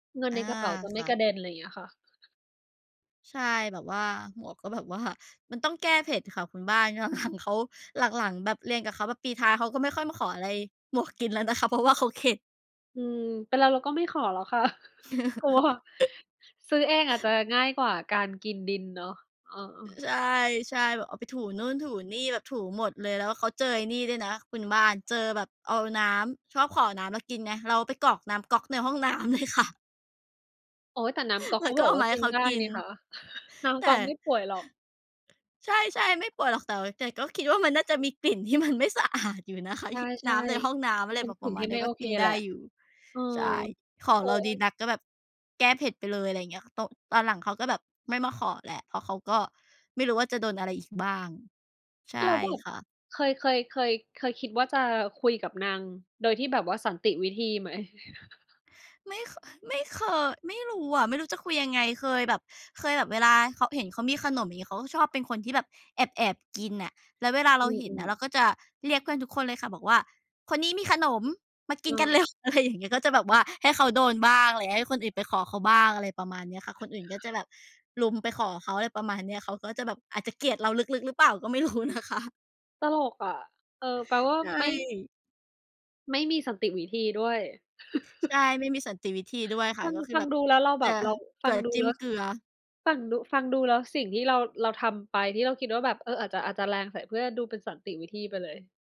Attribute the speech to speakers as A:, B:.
A: เงิน
B: อ
A: ใน
B: า
A: กระเป๋าจะไม
B: ค
A: ่
B: ่
A: ก
B: ะ
A: ระเด็น อะไรอย่างเงี้ยค่ะ
B: ใช่ แบบว่า หมวกก็แบบว่า มันต้องแก้เผ็ดค่ะคุณบ้าน หลัง ๆ เขา หลัง ๆ แบบเรียนกับเขาแบบปีท้าย เขาก็ไม่ค่อยมาขออะไรหมวกกินแล้วนะคะ เพราะว่าเขาเข็ด
A: อืม เป็นเราเราก็ไม่ขอแล้วค่ะ กลัว ซื้อเองอาจจะง่ายกว่าการกินดินเนาะ เออ
B: ใช่ ใช่ แบบเอาไปถูนู่นถูนี่ แบบถูหมดเลย แล้วเขาเจอไอ้นี่ด้วยนะคุณบ้าน เจอแบบเอาน้ำ ชอบขอน้ำเรากินไง เราไปกรอกน้ำก๊อกในห้องน้ำ เลยค่ะ
A: โอ๊ย แต่น้ำก๊อก
B: แล
A: เ
B: ้
A: ข
B: ว
A: า
B: ก็
A: บอก
B: เอา
A: ว่า
B: มาใ
A: ก
B: ห้
A: ิน
B: เขา
A: ได้
B: กิ
A: นี
B: น
A: ่ค่ะ น้
B: แต
A: ำก
B: ่
A: ๊อกไม่ป่วยหรอก
B: ใช่ ๆ ไม่ปวดหรอก แต่ แต่ก็คิดว่ามันน่าจะมีกลิ่นที่มันไม่สะอาดอยู่นะคะ
A: ใช
B: ฮ น
A: ่
B: ้ำในห้องน้ำ อะ
A: ๆ
B: ไ
A: เ
B: ร
A: ป็
B: แ
A: น
B: บบ
A: ส
B: ป
A: ิ
B: ร
A: ่ง
B: ะม
A: ท
B: า
A: ี
B: ณ
A: ่
B: เนี
A: ไ
B: ้
A: ม่
B: ย ก
A: โอ
B: ็
A: เ
B: ก
A: ค
B: ินไ
A: แห
B: ด
A: ล
B: ้
A: ะ
B: อยู่
A: เออ
B: ใช่ ขอ
A: โอ๊
B: เราดี
A: ย
B: นักก็แบบแก้เผ็ดไปเลย อะไรอย่างเงี้ย ตก ตอนหลังเขาก็แบบไม่มาขอแล้ว เพราะเขาก็ไม่รู้ว่าจะโดนอะไรอีกบ้าง ใช่
A: แล้วแบบ
B: ค่ะ
A: เคย เคย เคย เคยคิดว่าจะคุยกับนางโดยที่แบบว่าสันติวิธีไหม?
B: ไม่ ค อ ไม่เคย ไม่รู้อะ ไม่รู้จะคุยยังไง เคยแบบ เคยแบบเวลาเขา เห็นเขามีขนม อย่างงี้ เขาก็ชอบเป็นคนที่แบบแอบ ๆ กินน่ะ แล้วเวลาเร
A: อื
B: าเห็นน่
A: อ
B: ะ เร
A: ๆ
B: าก็จะเรียกเพื่อนทุกคนเลยค่ะ บอกว่า "คนนี้มีขนมมากินกัน
A: เออ
B: เร็ว" อะไรอย่างเงี้ย ก็จะแบบว่าให้เขาโดนบ้าง อะไร ให้คนอื่นไปขอเขาบ้าง อะไรประมาณเนี้ยค่ะ คนอื่นก็จะแบบรุมไปขอเขา อะไรประมาณเนี้ย เขาก็จะแบบอาจจะเกลียดเราลึก ๆ หรือเปล่าก็ ไม่รู้นะคะ
A: ตลกอะ เออ แปลว่า
B: ใช
A: ไม่
B: ่
A: ไม่มีสันติวิธีด้วย
B: ใช่ ไม่มีสันติวิธีด้วยค
A: ฟ
B: ่ะ
A: ัง
B: ก็คื
A: ฟ
B: อ
A: ั
B: แ
A: ง
B: บบ
A: ดูแล้วเราแบ
B: จะ
A: บเรา
B: เ
A: ฟ
B: กล
A: ั
B: ื
A: ง
B: อ
A: ดู
B: จิ
A: แ
B: ้
A: ล้
B: ม
A: ว
B: เ
A: ส
B: กลือ
A: ฟังดู ฟังดูแล้ว สิ่งที่เรา เราทำไป ที่เราคิดว่าแบบ เออ อาจจะ อาจจะแรงใส่เพื่อน ดูเป็นสันติวิธีไปเลย